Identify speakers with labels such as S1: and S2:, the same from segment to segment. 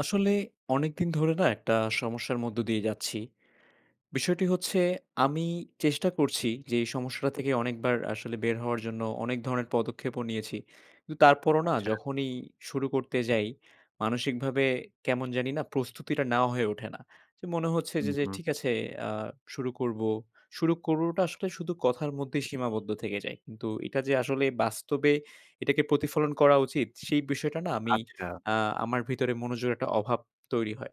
S1: আসলে অনেকদিন ধরে না একটা সমস্যার মধ্য দিয়ে যাচ্ছি। বিষয়টি হচ্ছে আমি চেষ্টা করছি যে, এই সমস্যাটা থেকে অনেকবার আসলে বের হওয়ার জন্য। অনেক ধরনের পদক্ষেপও নিয়েছি। কিন্তু তারপরও না
S2: আচ্ছা।
S1: যখনই শুরু করতে যাই, মানসিকভাবে কেমন জানি না প্রস্তুতিটা নেওয়া হয়ে ওঠে না। যে মনে হচ্ছে
S2: হু,
S1: যে যে
S2: হু।
S1: ঠিক আছে আ শুরু করব। শুরু করবটা আসলে শুধু কথার মধ্যেই সীমাবদ্ধ থেকে যায়। কিন্তু এটা যে আসলে বাস্তবে এটাকে প্রতিফলন করা উচিত। সেই বিষয়টা না আমি
S2: আচ্ছা।
S1: আ আমার ভিতরে মনোযোগের একটা অভাব তৈরি হয়।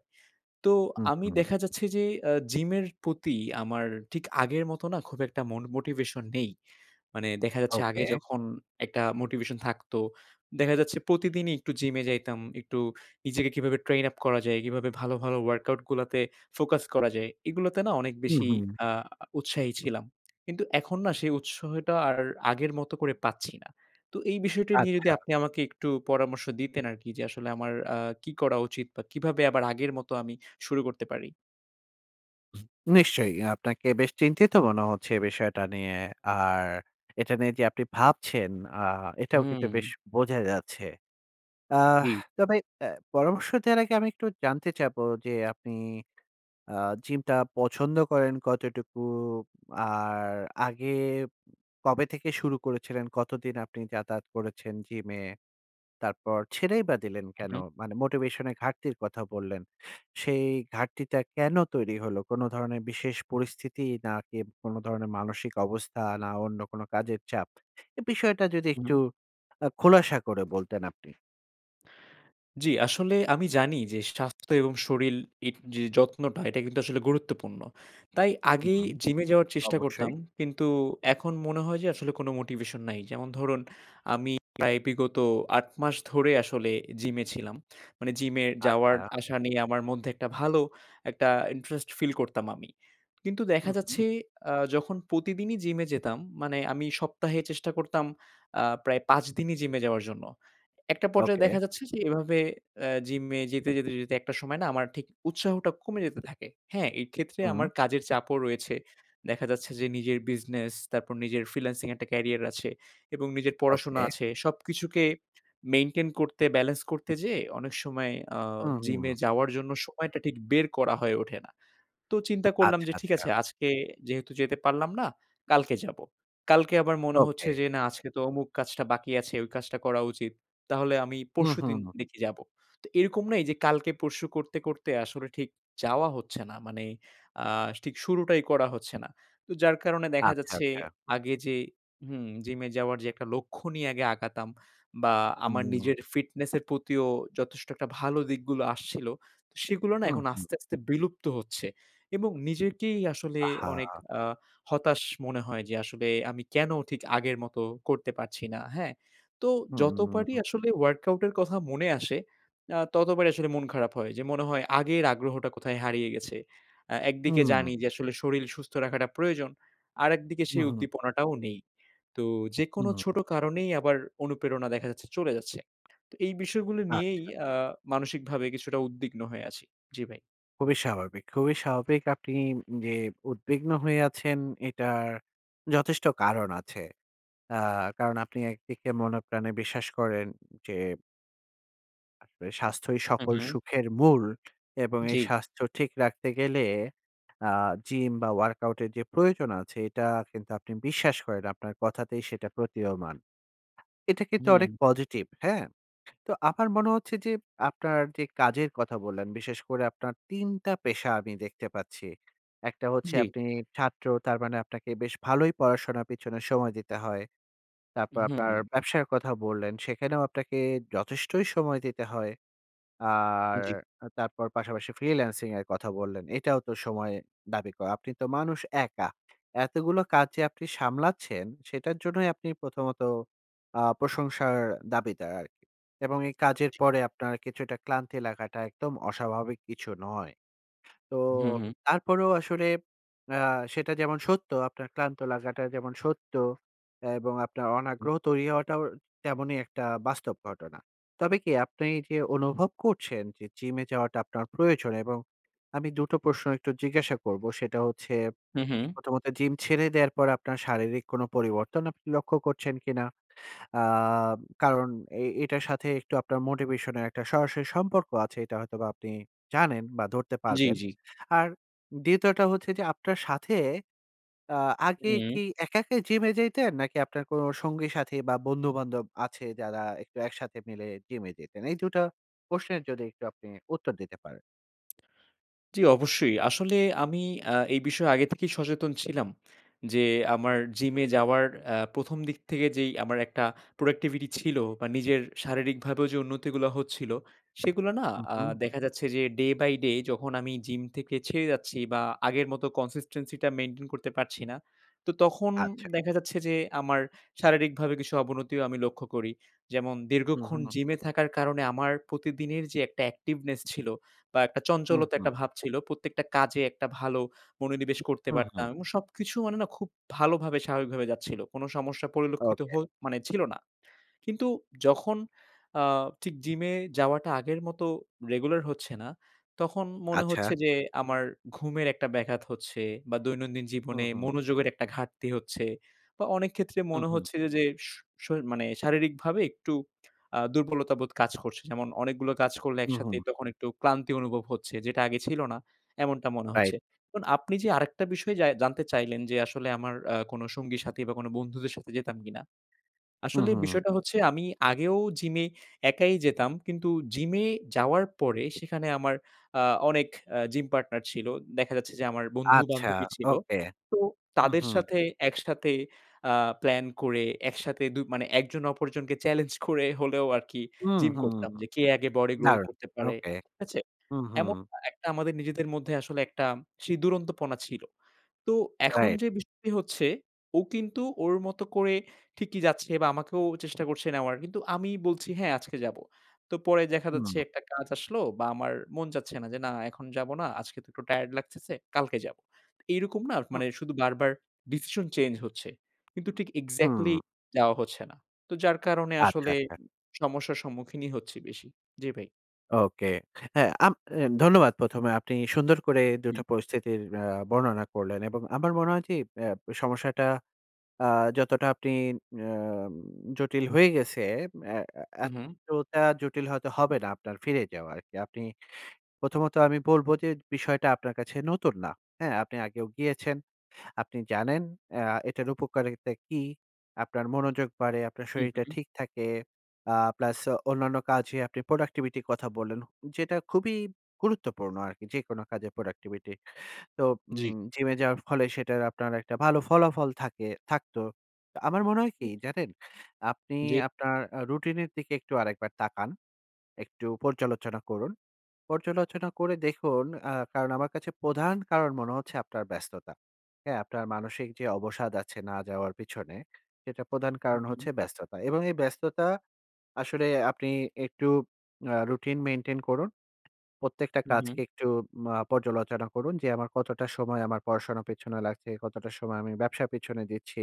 S1: তো,
S2: হু,
S1: আমি
S2: হু।
S1: দেখা যাচ্ছে যে, আ জিমের প্রতি আমার ঠিক আগের মতো না খুব একটা মন মোটিভেশন নেই। মানে দেখা যাচ্ছে আগে
S2: ওকে।
S1: যখন একটা মোটিভেশন থাকতো, দেখা যাচ্ছে প্রতিদিনই একটু জিমে যাইতাম। একটু নিজেকে কিভাবে ট্রেইন আপ করা যায়? কিভাবে ভালো, ভালো ওয়ার্কআউট গুলাতে ফোকাস করা যায়? এগুলোতে না অনেক
S2: হু,
S1: বেশি
S2: হু।
S1: আ উৎসাহী ছিলাম। কিন্তু এখন না সেই উৎসাহটা আর আগের মতো করে পাচ্ছি না। তো এই বিষয়টি নিয়ে যদি
S2: আচ্ছা।
S1: আপনি আমাকে একটু পরামর্শ দিতেন আরকি। যে, আসলে আমার আ কি করা উচিত? বা কিভাবে আবার আগের মতো আমি শুরু করতে পারি?
S2: নিশ্চয়ই। আপনাকে বেশ চিন্তিত মনে হচ্ছে এ বিষয়টা নিয়ে। আর এটা নিয়ে যে আপনি ভাবছেন আ এটাও কিন্তু
S1: হুম।
S2: বেশ বোঝা যাচ্ছে। আহ,
S1: জ্বী।
S2: তবে অ্যা পরামর্শ দেওয়ার আগে আমি একটু জানতে চাইবো। যে আপনি আ জিমটা পছন্দ করেন কতটুকু? আর আগে কবে থেকে শুরু করেছিলেন, কতদিন আপনি যাতায়াত করেছেন জিমে? তারপর ছেড়েই বা দিলেন
S1: হুম,
S2: কেন?
S1: হুম।
S2: মানে মোটিভেশন এর ঘাটতির কথা বললেন। সেই ঘাটতিটা কেন তৈরি হল, কোন ধরনের বিশেষ পরিস্থিতি নাকি কোন ধরনের মানসিক অবস্থা না অন্য কোন কাজের চাপ? এ বিষয়টা যদি একটু
S1: হুম।
S2: আ খোলাসা করে বলতেন আপনি।
S1: জ্বী, আসলে আমি জানি যে স্বাস্থ্য এবং শরীল ইট যে যত্নটা এটা কিন্তু আসলে গুরুত্বপূর্ণ। তাই আগে এই
S2: হুম,
S1: জিমে যাওয়ার চেষ্টা করতাম।
S2: অবশ্যই।
S1: কিন্তু এখন মনে হয় যে আসলে কোনো মোটিভেশন নাই। যেমন ধরুন আমি প্রায় বিগত ৮ মাস ধরে আসলে জিমে ছিলাম। মানে জিমে
S2: আচ্ছা।
S1: যাওয়ার-আসা নিয়ে আমার মধ্যে একটা ভালো একটা ইন্টারেস্ট ফিল করতাম আমি। কিন্তু দেখা
S2: হুম, হুম।
S1: যাচ্ছে আ যখন প্রতিদিনই জিমে যেতাম, মানে আমি সপ্তাহে চেষ্টা করতাম আ প্রায় ৫ দিনই জিমে যাওয়ার জন্য। একটা পর্যায়ে
S2: ওকে।
S1: দেখা যাচ্ছে যে এভাবে অ্যা জিমে যেতে, যেতে, যেতে একটা সময় না আমার ঠিক উৎসাহটা কমে যেতে থাকে। হ্যাঁ? এইক্ষেত্রে
S2: হুম।
S1: আমার কাজের চাপও রয়েছে। দেখা যাচ্ছে যে নিজের বিজনেস, তারপর নিজের ফ্রিল্যান্সিং একটা ক্যারিয়ার আছে। এবং নিজের পড়াশোনা
S2: ওকে।
S1: আছে। সব কিছুকে মেইনটেইন করতে ব্যালেন্স করতে যেয়ে অনেক সময় আ
S2: হুম, হুম,
S1: জিমে
S2: হুম।
S1: যাওয়ার জন্য সময়টা ঠিক বের করা হয়ে ওঠে না। তো চিন্তা করলাম
S2: আচ্ছা,
S1: যে ঠিক
S2: আচ্ছা।
S1: আছে আজকে যেহেতু যেতে পারলাম না, কালকে যাবো। কালকে আমার মনে
S2: ওকে।
S1: হচ্ছে যে না আজকে তো অমুক কাজটা বাকি আছে, ওই কাজটা করা উচিত। তাহলে আমি
S2: হুম, হুম,
S1: পরশুদিন
S2: হুম।
S1: দেখি যাবো। তো এরকম না এই যে কালকে পরশু করতে, করতে আসলে ঠিক যাওয়া হচ্ছে না। মানে আ ঠিক শুরুটাই করা হচ্ছে না। তো যার কারণে দেখা
S2: আচ্ছা,
S1: যাচ্ছে
S2: আচ্ছা।
S1: আগে যে হুম, জিমে যাওয়ার যে একটা লক্ষ্য নিয়ে আগে আগাতাম। বা আমার
S2: হুম।
S1: নিজের ফিটনেসের প্রতিও যথেষ্ট একটা ভালো দিকগুলো আসছিল। সেগুলো না
S2: হুম,
S1: এখন
S2: হুম।
S1: আস্তে আস্তে বিলুপ্ত হচ্ছে। এবং নিজেকেই আসলে অনেক
S2: আহা!
S1: আ হতাশ মনে হয় যে আসলে আমি কেন ঠিক আগের মতো করতে পারছি না। হ্যাঁ? তো
S2: হুম, হুম। হুম,
S1: যতবারই
S2: হুম।
S1: আসলে ওয়ার্কআউট এর কথা মনে আসে আ ততবারই আসলে মন খারাপ হয়। যে মনে হয় আগের আগ্রহটা কোথায় হারিয়ে গেছে। আ একদিকে
S2: হুম।
S1: জানি যে আসলে শরীল সুস্থ রাখাটা প্রয়োজন। আরেকদিকে
S2: হুম,
S1: সেই
S2: হুম।
S1: উদ্দীপনাটাও নেই। তো যে কোনো ছোট
S2: হুম।
S1: কারণেই আবার অনুপ্রেরণা দেখা যাচ্ছে চলে যাচ্ছে। তো এই বিষয়গুলো নিয়েই
S2: আচ্ছা।
S1: আ মানসিকভাবে কিছুটা উদ্বিগ্ন হয়ে আছি। জ্বি ভাই।
S2: খুবই স্বাভাবিক, খুবই স্বাভাবিক আপনি যে উদ্বিগ্ন হয়ে আছেন এটার যথেষ্ট কারণ আছে। আ কারণ আপনি একদিকে মনপ্রাণে বিশ্বাস করেন যে আসলে স্বাস্থ্যই
S1: হু,
S2: সকল
S1: হু।
S2: সুখের মূল এবং এই
S1: জ্বি।
S2: স্বাস্থ্য ঠিক রাখতে গেলে আ জিম বা ওয়ার্কআউট এর যে প্রয়োজন আছে এটা কিন্তু আপনি বিশ্বাস করেন, আপনার কথাতেই সেটা প্রতীয়মান। এটা কিন্তু অনেক
S1: হুম।
S2: পজিটিভ, হ্যাঁ? তো আমার মনে হচ্ছে যে আপনার যে কাজের কথা বললেন, বিশেষ করে আপনার ৩ টা পেশা আমি দেখতে পাচ্ছি। একটা হচ্ছে
S1: জ্বী।
S2: আপনি ছাত্র তার মানে আপনাকে বেশ ভালোই পড়াশোনা পিছনে সময় দিতে হয়।
S1: উ
S2: তারপর
S1: হুম,
S2: আপনার
S1: হুম।
S2: ব্যবসার কথা বললেন, সেখানেও আপনাকে যথেষ্টই সময় দিতে হয়। আর
S1: জ্বি।
S2: তারপর পাশাপাশি ফ্রিল্যান্সিং এর কথা বললেন। এটাও তো সময় দাবি করে। আপনি তো মানুষ একা। এতগুলো কাজ যে আপনি সামলাচ্ছেন সেটার জন্যই আপনি প্রথমত আ প্রশংসার দাবিতে আরকি। এবং এই কাজের
S1: জ্বি।
S2: পরে আপনার কিছুটা ক্লান্তি লাগাটা একদম অস্বাভাবিক কিছু নয়। তো
S1: হুম, হুম।
S2: তারপরেও আসলে আ সেটা যেমন সত্য, আপনার ক্লান্ত লাগাটা যেমন সত্য এবং আপনার
S1: হু।
S2: অনাগ্রহ তৈরি হওয়াটাও তেমনই একটা বাস্তব ঘটনা। তবে কি আপনি যে অনুভব করছেন যে জিমে যাওয়াটা আপনার প্রয়োজন এবং আমি ২ টো প্রশ্ন একটু জিজ্ঞাসা করব। সেটা হচ্ছে
S1: হু, হু।
S2: প্রথমত জিম ছেড়ে দেওয়ার পর আপনার শারীরিক কোন পরিবর্তন আপনি লক্ষ্য করছেন কিনা? আ কারণ এ এটার সাথে একটু আপনার মোটিভেশন এর একটা সরাসরি সম্পর্ক আছে। এটা হয়তোবা আপনি জানেন বা ধরতে
S1: জ্বী,
S2: পারবেন।
S1: জ্বী।
S2: আর ২য় টা হচ্ছে যে আপনার সাথে আ আগে
S1: হুম।
S2: কি একা, একাই জিমে যাইতেন নাকি আপনার কোন সঙ্গী-সাথী বা বন্ধু-বান্ধব আছে যারা একটু একসাথে মিলে জিমে যেতেন? এই ২ টা প্রশ্নের যদি আপনি উত্তর দিতে পারেন।
S1: জি, অবশ্যই। আসলে আমি আ এই বিষয়ে আগে থেকেই সচেতন ছিলাম। যে আমার জিমে যাওয়ার আ ১ম দিক থেকে যেই আমার একটা productivity ছিল বা নিজের শারীরিকভাবেও যে উন্নতিগুলা হচ্ছিল। সেগুলা না
S2: হু,
S1: আ
S2: হু।
S1: দেখা যাচ্ছে যে day by day যখন আমি জিম থেকে ছেড়ে যাচ্ছি বা আগের মতো consistency টা মেইনটেইন করতে পারছি না। তো তখন
S2: আচ্ছা।
S1: দেখা যাচ্ছে যে, আমার শারীরিকভাবে কিছু অবনতিও আমি লক্ষ্য করি। যেমন
S2: হু,
S1: দীর্ঘক্ষণ
S2: হু।
S1: জিমে থাকার কারণে আমার প্রতিদিনের যে একটা অ্যাক্টিভনেস ছিল বা একটা
S2: হু,
S1: চঞ্চলতা
S2: হু।
S1: একটা ভাব ছিল, প্রত্যেকটা কাজে একটা ভালো মনোনিবেশ করতে
S2: হু,
S1: পারতাম।
S2: হু।
S1: এবং সবকিছু মানে না খুব ভালোভাবে স্বাভাবিকভাবে যাচ্ছিল। কোন সমস্যা পরিলক্ষিত
S2: ওকে।
S1: হো মানে ছিল না। কিন্তু যখন আ ঠিক জিমে যাওয়াটা আগের মতো রেগুলার হচ্ছে না। তখন মনে
S2: আচ্ছা।
S1: হচ্ছে যে আমার ঘুমের একটা ব্যাঘাত হচ্ছে বা দৈনন্দিন
S2: হু,
S1: জীবনে
S2: হু।
S1: মনোযোগের একটা ঘাটতি হচ্ছে। বা অনেক ক্ষেত্রে
S2: হু,
S1: মনে
S2: হু।
S1: হচ্ছে যে শ শ মানে শারীরিকভাবে একটু আ দুর্বলতাবোধ কাজ করছে। যেমন অনেকগুলো কাজ করলে
S2: হু,
S1: একসাথে
S2: হু।
S1: একটু ক্লান্তি অনুভব হচ্ছে। যেটা আগে ছিল না। এমনটা মনে
S2: রাইট।
S1: হচ্ছে। এখন আপনি যে আরেকটা বিষয় জাই জানতে চাইলেন। যে আসলে আমার আ কোন সঙ্গীর সাথী বা বন্ধুদের সাথে যেতাম কিনা।
S2: হু,
S1: আসলে
S2: হু।
S1: বিষয়টা হচ্ছে, আমি আগেও জিমে একাই যেতাম। কিন্তু জিমে যাওয়ার পরে সেখানে আমার আ অনেক আ জিম পার্টনার ছিল। দেখা যাচ্ছে যে আমার বন্ধু
S2: আচ্ছা,
S1: বান্ধবী ছিল।
S2: ওকে।
S1: তো
S2: হুম,
S1: তাদের
S2: হুম।
S1: সাথে একসাথে আ প্লান করে একসাথে দু মানে একজন অপরজনকে চেলেঞ্জ করে হলেও আরকি
S2: হুম,
S1: জিম
S2: হুম।
S1: করতাম। যে কে আগে বডি growth
S2: দারুন
S1: করতে পারে,
S2: ওকে।
S1: ঠিক আছে?
S2: হুম, হুম।
S1: এমন একটা আমাদের নিজেদের মধ্যে আসলে একটা ছি দুরন্তপনা ছিল। তো এখন
S2: রাইট।
S1: যে বিষয়টি হচ্ছে, ও কিন্তু ওর মতো করে ঠিকই যাচ্ছে বা আমাকেও চেষ্টা করছে নেওয়ার। কিন্তু আমি বলছি, "হ্যাঁ আজকে যাবো।" তো পরে দেখা যাচ্ছে
S2: হুম।
S1: একটা কাজ আসলো বা আমার মন চাচ্ছে না যে না এখন যাব না। আজকে তো একটু টায়ারড লাগতেছে। কালকে যাবো। এইরকম না
S2: হুম।
S1: মানে শুধু বারবার ডিসিশন চেঞ্জ হচ্ছে। কিন্তু ঠিক এক্সাক্টলি
S2: হুম।
S1: যাওয়া হচ্ছে না। তো যার কারণে
S2: আচ্ছা,
S1: আসলে
S2: আচ্ছা।
S1: সমস্যার সম্মুখীনই হচ্ছি বেশি। জি ভাই।
S2: ওকে। হ্যাঁ আম অ্যা ধন্যবাদ ১ম এ আপনি সুন্দর করে
S1: ই
S2: দুটো পরিস্থিতির অ্যা বর্ণনা করলেন এবং আমার মনে হয় যে অ্যা সমস্যাটা আ যতটা আপনি অ্যাম জটিল হয়ে গেছে অ্যাঁ
S1: উ
S2: অ্যাঁ
S1: হুম।
S2: এতটা জটিল হয়তো হবে না আপনার ফিরে যাওয়া আর কি। আপনি প্রথমত আমি বলবো যে বিষয়টা আপনার কাছে নতুন না, হ্যাঁ। আপনি আগেও গিয়েছেন। আপনি জানেন অ্যা এটার উপকারিতা কি, আপনার মনোযোগ বাড়ে, আপনার
S1: হু,
S2: শরীরটা
S1: হু।
S2: ঠিক থাকে। আ প্লাস অন্যান্য কাজে আপনি প্রোডাক্টিভিটির কথা বললেন যেটা খুবই গুরুত্বপূর্ণ আরকি যেকোনো কাজে প্রোডাক্টিভিটি। তো
S1: জি।
S2: উম জিমে যাওয়ার ফলে সেটার আপনার একটা ভালো ফলাফল থাকে থাকতো। আমার মনে হয় কি
S1: হুম।
S2: জানেন? আপনি
S1: জি।
S2: আপনার আ রুটিনের দিকে একটু আরেকবার তাকান। একটু পর্যালোচনা করুন। পর্যালোচনা করে দেখুন ব্য অ্যা কারণ আমার কাছে প্রধান কারণ মনে হচ্ছে আপনার ব্যস্ততা। হ্যাঁ, আপনার মানসিক যে অবসাদ আছে না যাওয়ার পিছনে, সেটা প্রধান কারণ
S1: হুম।
S2: হচ্ছে ব্যস্ততা এবং এই ব্যস্ততা আসলে আপনি একটু আ রুটিন মেইনটেইন করুন। প্রত্যেকটা
S1: উ হুম।
S2: কাজকে একটু মা পর্যালোচনা করুন যে আমার কতটা সময় আমার পড়াশোনা পেছনে লাগছে, কতটা সময় আমি ব্যবসার পেছনে দিচ্ছি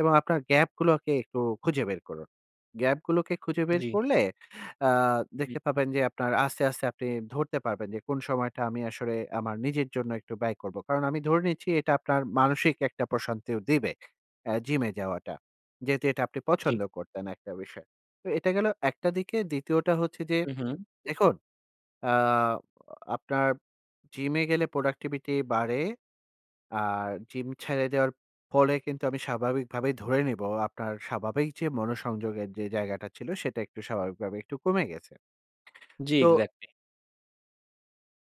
S2: এবং আপনার গ্যাপগুলোকে একটু খুঁজে বের করুন। গ্যাপগুলোকে খুঁজে বের
S1: জি।
S2: করলে অ্যা
S1: জি।
S2: দেখতে পাবেন যে আপনার আস্তে, আস্তে আপনি ধরতে পারবেন যে, কোন সময়টা আমি আসলে আমার নিজের জন্য একটু ব্যয় করবো। কারণ আমি ধরে নিচ্ছি এটা আপনার মানসিক একটা প্রশান্তিও দিবে, অ্যা জিমে যাওয়াটা। যেহেতু এটা আপনি
S1: ঠিক।
S2: পছন্দ করতেন একটা বিষয়। তো এটা গেল ১ টা দিকে। ২য় টা হচ্ছে যে,
S1: উ হুম।
S2: দেখুন অ্যা অ আপনার জিমে গেলে প্রোডাক্টিভিটি বাড়ে। আর জিম ছাইড়ে দেওয়ার ফলে কিন্তু আমি স্বাভাবিকভাবেই ধরে নিবো। আপনার স্বাভাবিক যে মনোসংযোগের যে জায়গাটা ছিল সেটা একটু স্বাভাবিকভাবে একটু কমে গেছে।
S1: জি,
S2: তো
S1: এক্সাক্টলি।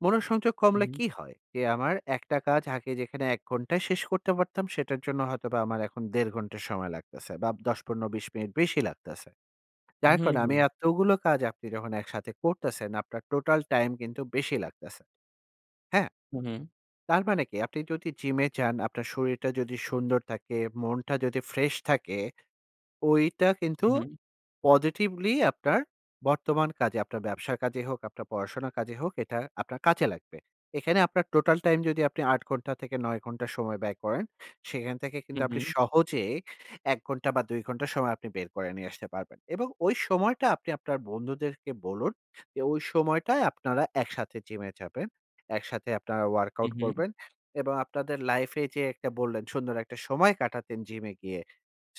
S2: মনোসংযোগ
S1: হুম,
S2: কমলে
S1: হুম।
S2: কী হয় যে আমার একটা কাজ আগে যেখানে ১ ঘন্টায় শেষ করতে পারতাম সেটার জন্য হয়তোবা আমার এখন ১.৫ ঘন্টা সময় লাগতেছে বা ১০, ১৫, ২০ মিনিট বেশি লাগতাছে।
S1: হুম,
S2: যার কারণ আমি
S1: হুম।
S2: এতগুলো কাজ আপনি যখন একসাথে করতেছেন আপনার টোটাল টাইম কিন্তু বেশি লাগতেছে। হ্যাঁ?
S1: হুম।
S2: তার মানে কি? আপনি যদি জিমে যান, আপনার শরীরটা যদি সুন্দর থাকে, মনটা যদি ফ্রেশ থাকে। ঐটা কিন্তু
S1: হুম।
S2: পজিটিভলি আপনার বর্তমান কাজে আপনার ব্যবসার কাজেই হোক, আপনার পড়াশোনার কাজে হোক এটা আপনার কাজে লাগবে। এখানে আপনার টোটাল টাইম যদি আপনি ৮ ঘন্টা থেকে ৯ ঘন্টা সময় ব্যয় করেন, সেখান থেকে কিন্তু
S1: হুম,
S2: আপনি
S1: হুম।
S2: সহজে ১ ঘন্টা বা, ২ ঘন্টা সময় আপনি বের করে নিয়ে আসতে পারবেন। এবং ওই সময়টা আপনি আপনার বন্ধুদেরকে বলুন যে ওই সময়টায় আপনারা একসাথে জিমে যাবেন। একসাথে আপনারা ওয়ার্কআউট
S1: হুম, হুম।
S2: করবেন। এবং আপনাদের লাইফ এ যে একটা বললেন সুন্দর একটা সময় কাটাতেন জিমে গিয়ে।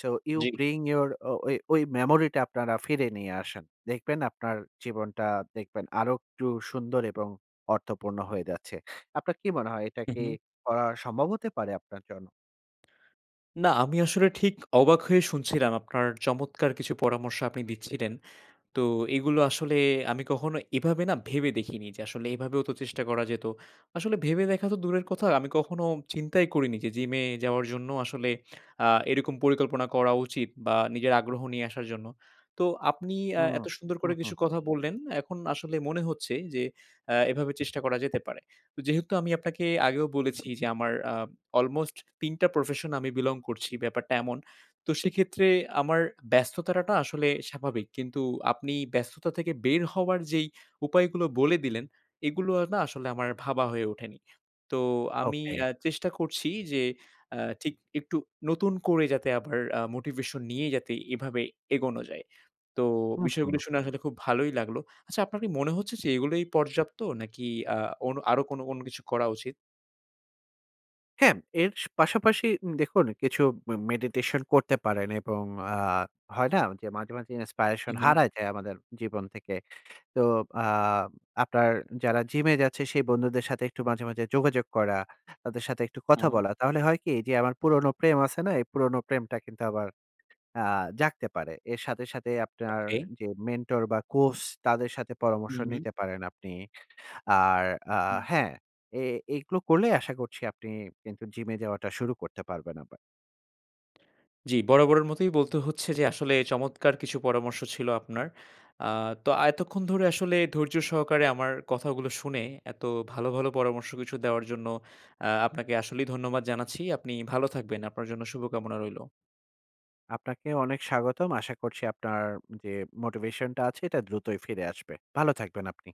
S2: সো ইউ
S1: জ্বি।
S2: ব্রিং ইউর অ ও-ই ওই মেমোরি টা আপনারা ফিরিয়ে নিয়ে আসেন। দেখবেন আপনার জীবনটা দেখবেন আরো একটু সুন্দর এবং অর্থপূর্ণ হয়ে যাচ্ছে। আপনার কি মনে হয় এটা
S1: হুম,
S2: কি
S1: হুম।
S2: করা সম্ভব হতে পারে আপনার জন্য?
S1: না, আমি আসলে ঠিক অবাক হয়ে শুনছিলাম আপনার চমৎকার কিছু পরামর্শ আপনি দিচ্ছিলেন। তো এগুলো আসলে আমি কখনো এভাবে না ভেবে দেখিনি। যে, আসলে এভাবেও তো চেষ্টা করা যেত। আসলে ভেবে দেখা তো দূরের কথা। আমি কখনো চিন্তাই করিনি যে, জিমে যাওয়ার জন্য আসলে আ এরকম পরিকল্পনা করা উচিত বা নিজের আগ্রহ নিয়ে আসার জন্য। তো আপনি এ্যা
S2: হুম।
S1: এত সুন্দর
S2: হুম,
S1: করে কিছু
S2: হুম।
S1: কথা বললেন। এখন আসলে মনে হচ্ছে যে, আ এভাবে চেষ্টা করা যেতে পারে। যেহেতু আমি আপনাকে আগেও বলেছি যে, আমার আ অলমোস্ট ৩টা প্রফেশন আমি belong করছি ব্যাপারটা এমন। তো সেক্ষেত্রে আমার ব্যস্তটাতা আসলে স্বাভাবিক। কিন্তু আপনি ব্যস্ততা থেকে বের হওয়ার যেই উপায়গুলো বলে দিলেন, এগুলো না আসলে আমার ভাবা হয়ে ওঠেনি। তো আমি
S2: ওকে।
S1: আ চেষ্টা করছি যে, আ ঠিক একটু নতুন করে যাতে আবার আ মোটিভেশন নিয়ে যাতে এভাবে এগোনো যায়। তো
S2: হুম, হুম।
S1: বিষয়গুলো শুনে আসলে খুব ভালোই লাগলো। আচ্ছা আপনার কি মনে হচ্ছে যে এগুলোই পর্যাপ্ত, নাকি আ অন আরো কোন কোন কিছু করা উচিত?
S2: হ্যাঁ, এর স পাশাপাশি উম দেখুন কিছু মে মেডিটেশন করতে পারেন এবং আ হয় না যে, মাঝে, মাঝে ইনস্পায়রেশন
S1: হুম, হুম।
S2: হারায় যায় আমাদের জীবন থেকে। তো আ আপনার যারা জিমে যাচ্ছে সেই বন্ধুদের সাথে একটু মাঝে, মাঝে যোগাযোগ করা। তাদের সাথে একটু
S1: হুম,
S2: কথা
S1: হুম।
S2: বলা। তাহলে হয় কি যে আমার পুরনো প্রেম আছে না? এই পুরনো প্রেমটা কিন্তু আবার আ জাগতে পারে। এর সাথে, সাথে আপনার
S1: ওকে।
S2: যে মেন্টর বা কোচ তাদের সাথে পরামর্শ
S1: হুম, হুম।
S2: নিতে পারেন আপনি। আর আ
S1: হুম।
S2: হ্যাঁ, এ এগুলো করলে আশা করছি আপনি কিন্তু জিমে যাওয়াটা শুরু করতে পারবেন আবার।
S1: জ্বি, বরাবরের মতোই বলতে হচ্ছে যে, আসলে চমৎকার কিছু পরামর্শ ছিল আপনার। আ তো এতক্ষন ধরে আসলে ধৈর্য সহকারে আমার কথাগুলো শুনে, এত ভালো, ভালো পরামর্শ কিছু দেওয়ার জন্য আ আপনাকে আসলেই ধন্যবাদ জানাচ্ছি। আপনি ভালো থাকবেন। আপনার জন্য শুভকামনা রইলো।
S2: আপনাকেও অনেক স্বাগতম। আশা করছি আপনার যে, মোটিভেশন টা আছে এটা দ্রুতই ফিরে আসবে। ভালো থাকবেন আপনি।